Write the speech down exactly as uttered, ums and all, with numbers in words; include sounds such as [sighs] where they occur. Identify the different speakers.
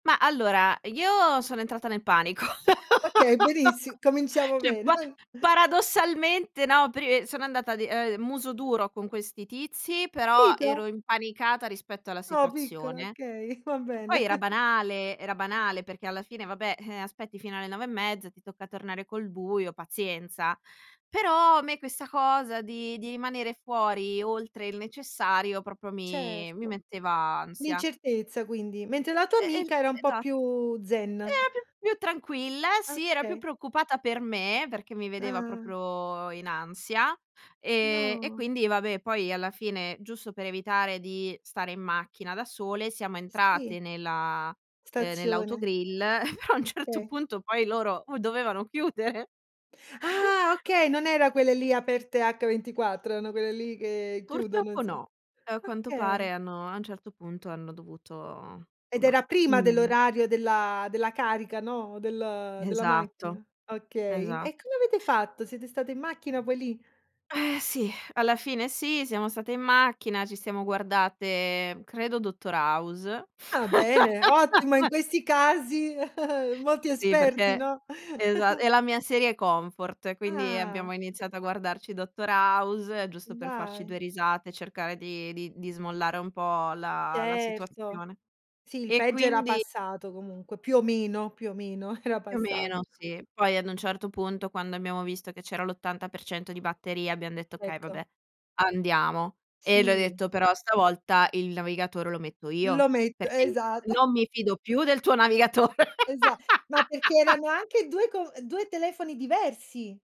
Speaker 1: Ma allora, io sono entrata nel panico.
Speaker 2: Okay,
Speaker 1: [laughs]
Speaker 2: benissi cominciamo
Speaker 1: ceh,
Speaker 2: bene.
Speaker 1: pa
Speaker 2: [chuckles]
Speaker 1: paradossalmente, no, pre sono andata di, ehm, muso duro con questi tizi, però
Speaker 2: pito.
Speaker 1: ero impanicata rispetto alla
Speaker 2: Oh, piccola,
Speaker 1: situazione.
Speaker 2: okay, va
Speaker 1: Che poi
Speaker 2: bene.
Speaker 1: era
Speaker 2: [chuckles]
Speaker 1: banale, era banale perché alla fine vabbè, eh, aspetti fino alle nove e mezza, ti tocca tornare col buio, pazienza. Però a me questa cosa di di rimanere fuori oltre il necessario propro mi mi
Speaker 2: Certo.
Speaker 1: metteva ansia.
Speaker 2: L'incertezza quindi, mentre la tua
Speaker 1: Eh, el
Speaker 2: amica era un po'
Speaker 1: esa
Speaker 2: più zen.
Speaker 1: era più più tranquilla, sì, era più
Speaker 2: Okay.
Speaker 1: preoccupata per me, perché mi vedeva
Speaker 2: Ah.
Speaker 1: proprio in ansia, ehm, e
Speaker 2: No.
Speaker 1: quindi vabbè poi alla fine, giusto per evitare di stare in macchina da sole siamo
Speaker 2: Sì.
Speaker 1: entrate nella uhm,
Speaker 2: Stazione.
Speaker 1: nell'autogrill, [chuckles] però a un certo
Speaker 2: Okay.
Speaker 1: punto poi loro o dovevano chiudere.
Speaker 2: Ah,
Speaker 1: [chuckles]
Speaker 2: okay, non era quelle lì aperte ventiquattro, erano quelle lì che chiudono
Speaker 1: Purtroppo
Speaker 2: insom
Speaker 1: no, a quanto pare
Speaker 2: okay.
Speaker 1: hanno a un certo punto hanno dovuto
Speaker 2: Ed
Speaker 1: omma
Speaker 2: era
Speaker 1: mh,
Speaker 2: prima
Speaker 1: mh, mh.
Speaker 2: dell'orario della della carica, no, del della
Speaker 1: Esatto,
Speaker 2: macchina. Okay,
Speaker 1: esa
Speaker 2: e come avete fatto? Siete state in macchina poi lì?
Speaker 1: [sighs] Eh, sì, alla fine sì, siamo state in macchina, ci siamo guardate credo Dottor House.
Speaker 2: Ah, bene, ottimo, in
Speaker 1: [laughs]
Speaker 2: questi casi [chuckles] molti
Speaker 1: Sì,
Speaker 2: esperti,
Speaker 1: perché
Speaker 2: no?
Speaker 1: esa
Speaker 2: [chuckles]
Speaker 1: è la mia serie comfort, quindi
Speaker 2: Ah.
Speaker 1: abbiamo iniziato a guardarci Dottor House giusto per farci
Speaker 2: Dai.
Speaker 1: due risate, cercare di di di smollare un po' la la
Speaker 2: Certo,
Speaker 1: situazione,
Speaker 2: sì il
Speaker 1: e
Speaker 2: peggio era
Speaker 1: quindi
Speaker 2: passato comunque, più o meno, più o meno era
Speaker 1: Più o
Speaker 2: passat
Speaker 1: meno, sì. Poi ad un certo punto, quando abbiamo visto che c'era l'ottanta per cento di batteria abbiam detto: "Okay,
Speaker 2: Ecco.
Speaker 1: vabbè andiamo." E le ho
Speaker 2: Sì.
Speaker 1: detto: "Però stavolta il navigatore lo metto
Speaker 2: Lo
Speaker 1: io,
Speaker 2: metto,
Speaker 1: perché i
Speaker 2: esat [chuckles]
Speaker 1: non mi fido più del tuo navigatore."
Speaker 2: Esa ma perché
Speaker 1: [laughs]
Speaker 2: erano anche due co due telefoni diversi.